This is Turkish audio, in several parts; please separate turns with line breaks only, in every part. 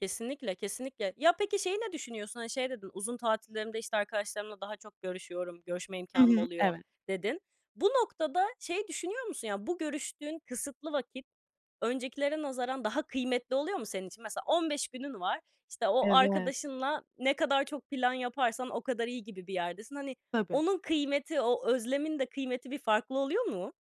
Kesinlikle, kesinlikle. Ya, peki şeyi ne düşünüyorsun? Hani şey dedin, "Uzun tatillerimde, işte, arkadaşlarımla daha çok görüşüyorum, görüşme
Hı
imkânım
hı,
oluyor."
evet.
dedin. Bu noktada şeyi düşünüyor musun? Yani bu görüştüğün kısıtlı vakit öncekilere nazaran daha kıymetli oluyor mu senin için? Mesela 15 günün var. İşte, o
Evet.
arkadaşınla ne kadar çok plan yaparsan o kadar iyi gibi bir yerdesin. Hani
Tabii.
onun kıymeti, o özlemin de kıymeti bir farklı oluyor mu?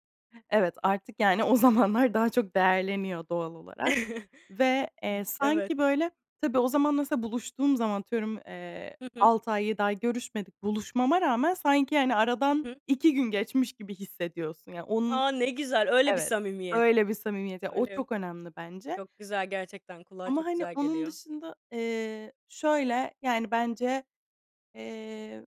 Evet, artık, yani, o zamanlar daha çok değerleniyor doğal olarak. Ve,
B
eee,
Evet.
sanki böyle Tabii, o zaman mesela buluştuğum zaman atıyorum, eee,
Hı hı.
6 ay 7 ay görüşmedik. Buluşmama rağmen sanki, hani, aradan
Hı hı.
2 gün geçmiş gibi hissediyorsun. Yani onun
A! Ne güzel, öyle bir
Evet,
samimiyet!
öyle bir samimiyet. Ya, o
Öyle.
çok önemli bence.
Çok güzel gerçekten, kulağa
Ama,
çok
hani,
güzel
onun
geliyor.
dışında, eee, şöyle, yani bence, eee,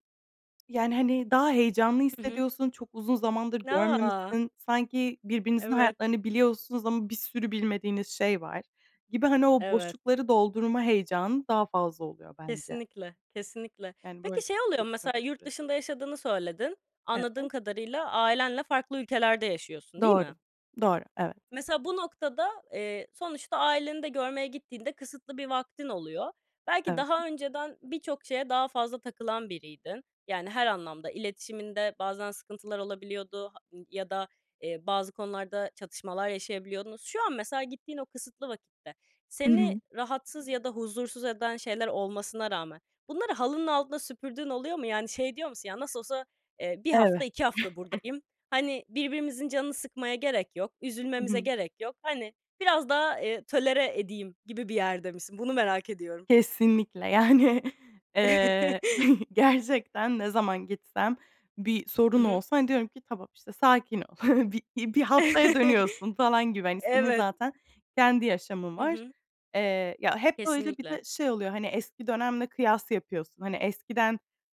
yani hani daha heyecanlı
Hı hı.
hissediyorsun, çok uzun zamandır
N A!
görmemişsin. Sanki birbirinizin
Evet.
hayatlarını biliyorsunuz ama bir sürü bilmediğiniz şey var gibi. Hani o
Evet.
boşlukları doldurma heyecanı daha fazla oluyor bence.
Kesinlikle, kesinlikle.
Yani, böyle,
Peki şey oluyor
[unintelligible]
mu mesela, yurt
süresi.
dışında yaşadığını söyledin. Anladığım
Evet.
kadarıyla ailenle farklı ülkelerde yaşıyorsun, değil mi?
Doğru. Doğru, evet.
Mesela bu noktada, eee, sonuçta aileni de görmeye gittiğinde kısıtlı bir vaktin oluyor. Belki
Evet.
daha önceden birçok şeye daha fazla takılan biriydin. Yani her anlamda iletişiminde bazen sıkıntılar olabiliyordu h eee, ya da, eee, bazı konularda çatışmalar yaşayabiliyordunuz. Şu an mesela gittiğin o kısıtlı vakitte
Hı
seni
hı.
rahatsız ya da huzursuz eden şeyler olmasına rağmen bunları halının altında süpürdüğün oluyor mu? Yani şey diyor musun, "Ya, nasıl olsa, eee, 1 hafta,
Evet.
2 hafta buradayım. Hani birbirimizin canını sıkmaya gerek yok,
Hı
üzülmemize
hı.
gerek yok." Hani biraz daha, eee, tolere edeyim gibi bir yerde misin? Bunu merak ediyorum.
Kesinlikle. Yani, eee, gerçekten ne zaman gitsem, bir
Hı
sorun
hı.
olsa hani diyorum ki, "Tamam, işte, sakin ol, bir bir haftaya dönüyorsun." falan gibi. Hani senin
Evet.
zaten kendi yaşamın
Hı
var.
hı.
Eee, ya, hep böyle bir
Kesinlikle.
de şey oluyor, hani eski dönemle kıyas yapıyorsun. Hani eskiden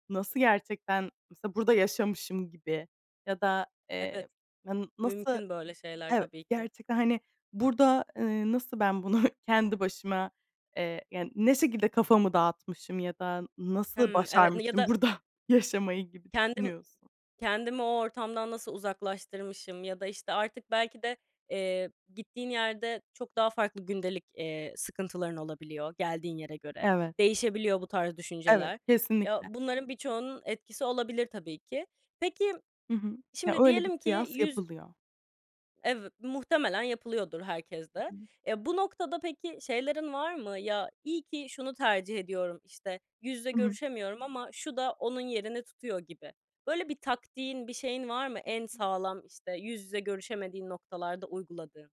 nasıl gerçekten mesela burada yaşamışım gibi. Ya da, eee,
Evet.
na nasıl
Mümkün böyle şeyler
Eve
tabii ki.
gerçekten hani burada, eee, nasıl ben bunu kendi başıma, eee, yani ne şekilde kafamı dağıtmışım ya da nasıl
Hımm, evet, n ya
başarmışım
da
burada yaşamayı gibi
Kendim
düşünüyorsun.
kendimi o ortamdan nasıl uzaklaştırmışım ya da, işte, artık belki de, eee, gittiğin yerde çok daha farklı gündelik, eee, sıkıntıların olabiliyor, geldiğin yere göre.
Evet.
Değişebiliyor bu tarz
Evet,
düşünceler. Ya,
kesinlikle.
bunların birçoğunun etkisi olabilir tabii ki. Peki,
Hı hı. Ya
şimdi
öyle bir
diyelim ki
kıyas
yüz
yapılıyor.
Ev muhtemelen yapılıyordur herkeste.
Hı hı.
Eee, bu noktada peki şeylerin var mı? Ya, iyi ki şunu tercih ediyorum, işte, yüz yüze
Hı hı.
görüşemiyorum ama şu da onun yerini tutuyor gibi. Böyle bir taktiğin, bir şeyin var mı
Hı
en
hı.
sağlam, işte, yüz yüze görüşemediğin noktalarda uyguladığın?